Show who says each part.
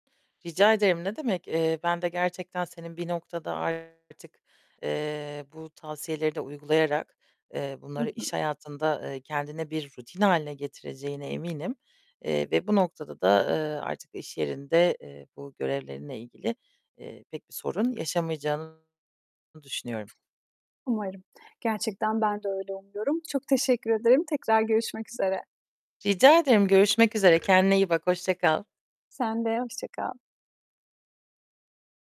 Speaker 1: Rica ederim, ne demek, eee, ben de gerçekten senin bir noktada artık, eee, bu tavsiyeleri de uygulayarak, eee,
Speaker 2: Hı
Speaker 1: bunları iş
Speaker 2: hı.
Speaker 1: hayatında, eee, kendine bir rutin hâline getireceğine eminim. Eee, ve bu noktada da, eee, artık iş yerinde, eee, bu görevlerinle ilgili, eee, pek bir sorun yaşamayacağını düşünüyorum.
Speaker 2: Umarım. Gerçekten ben de öyle umuyorum. Çok teşekkür ederim. Tekrar görüşmek üzere.
Speaker 1: Rica ederim. Görüşmek üzere. Kendine iyi bak. Hoşça kal.
Speaker 2: Sen de, hoşça kal.